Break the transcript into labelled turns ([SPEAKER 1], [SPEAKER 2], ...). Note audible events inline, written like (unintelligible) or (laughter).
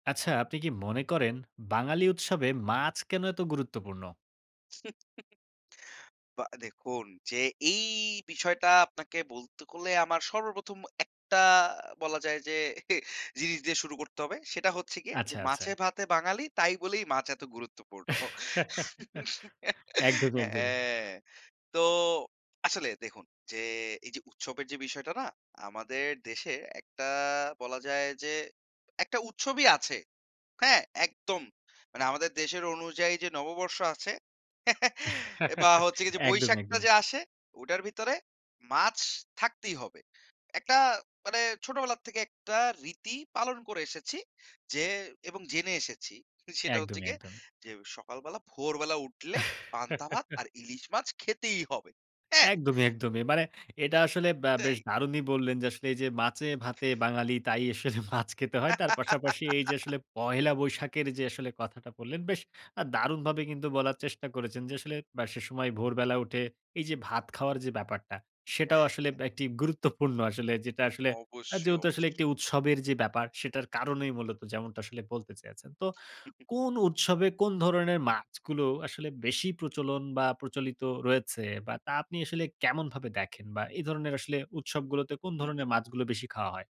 [SPEAKER 1] আচ্ছা, আপনি কি মনে করেন, বাঙালি উৎসবে মাছ কেন এত গুরুত্বপূর্ণ?
[SPEAKER 2] (chuckles) বা দেখুন যে এই বিষয়টা আপনাকে বলতে করলে আমার সর্ব ১ম একটা বলা যায়, যে (scoffs) জিনিস দিয়ে শুরু করতে হবে, সেটা হচ্ছে গিয়ে যে
[SPEAKER 1] আচ্ছা, আচ্ছা।
[SPEAKER 2] মাছে-ভাতে বাঙালি তাই বলেই মাছ এত গুরুত্বপূর্ণ।
[SPEAKER 1] (laughs)
[SPEAKER 2] (laughs)
[SPEAKER 1] একদমই, একদমই।
[SPEAKER 2] হ্যাঁ। তো আসলে দেখুন যে, এই যে উৎসবের যে বিষয়টা না? আমাদের দেশে একটা বলা যায় যে, একটা উৎসবই আছে। হ্যাঁ? একদম, মানে আমাদের দেশের অনুযায়ী যে নববর্ষ আছে, (chuckles) এ বা
[SPEAKER 1] (laughs)
[SPEAKER 2] হচ্ছে গিয়ে যে
[SPEAKER 1] একদমই,
[SPEAKER 2] বৈশাখটা,
[SPEAKER 1] একদমই।
[SPEAKER 2] যে আসে ওটার ভিতরে মাছ থাকতেই হবে। একটা মানে ছোটবেলা থেকে একটা রীতি পালন করে এসেছি, যে এবং জেনে এসেছি সেটা হচ্ছে
[SPEAKER 1] একদমই,
[SPEAKER 2] গিয়ে,
[SPEAKER 1] একদমই।
[SPEAKER 2] যে সকাল বেলা ভোরবেলা উঠলে পান্তা ভাত,
[SPEAKER 1] (laughs)
[SPEAKER 2] আর ইলিশ মাছ খেতেই হবে। হ্যাঁ?
[SPEAKER 1] একদমই, একদমই। মানে এটা আসলে ব বেশ
[SPEAKER 2] তাই?
[SPEAKER 1] দারুণই বললেন যে, আসলে এই যে মাছে-ভাতে বাঙালি, তাই আসলে (scoffs) মাছ খেতে হয়। তার পাশাপাশি এই যে
[SPEAKER 2] (laughs)
[SPEAKER 1] আসলে, পহেলা বৈশাখের যে আসলে কথাটা বললেন, বেশ আ দারুণভাবে কিন্তু বলার চেষ্টা করেছেন, যে আসলে ব সেসময় ভোরবেলা উঠে, এই যে ভাত খাওয়ার যে ব্যাপারটা, সেটাও
[SPEAKER 2] হ্যাঁ,
[SPEAKER 1] আসলে
[SPEAKER 2] হ্যাঁ।
[SPEAKER 1] ব একটি গুরুত্বপূর্ণ। আসলে যেটা আসলে আ
[SPEAKER 2] অবশ্যই,
[SPEAKER 1] যেহেতু আসলে
[SPEAKER 2] অবশ্য।
[SPEAKER 1] একটি উৎসবের যে ব্যাপার, সেটার কারণেই মূলত যেমনটা আসলে বলতে চেয়েছেন। তো
[SPEAKER 2] (unintelligible)
[SPEAKER 1] কোন উৎসবে কোন ধরণের মাছগুলো আসলে বেশি প্রচলন? বা প্রচলিত রয়েছে? বা তা আপনি আসলে কেমনভাবে দেখেন? বা এই ধরনের আসলে উৎসবগুলোতে কোন
[SPEAKER 2] হু, হু।
[SPEAKER 1] ধরণের মাছগুলো বেশি খাওয়া হয়?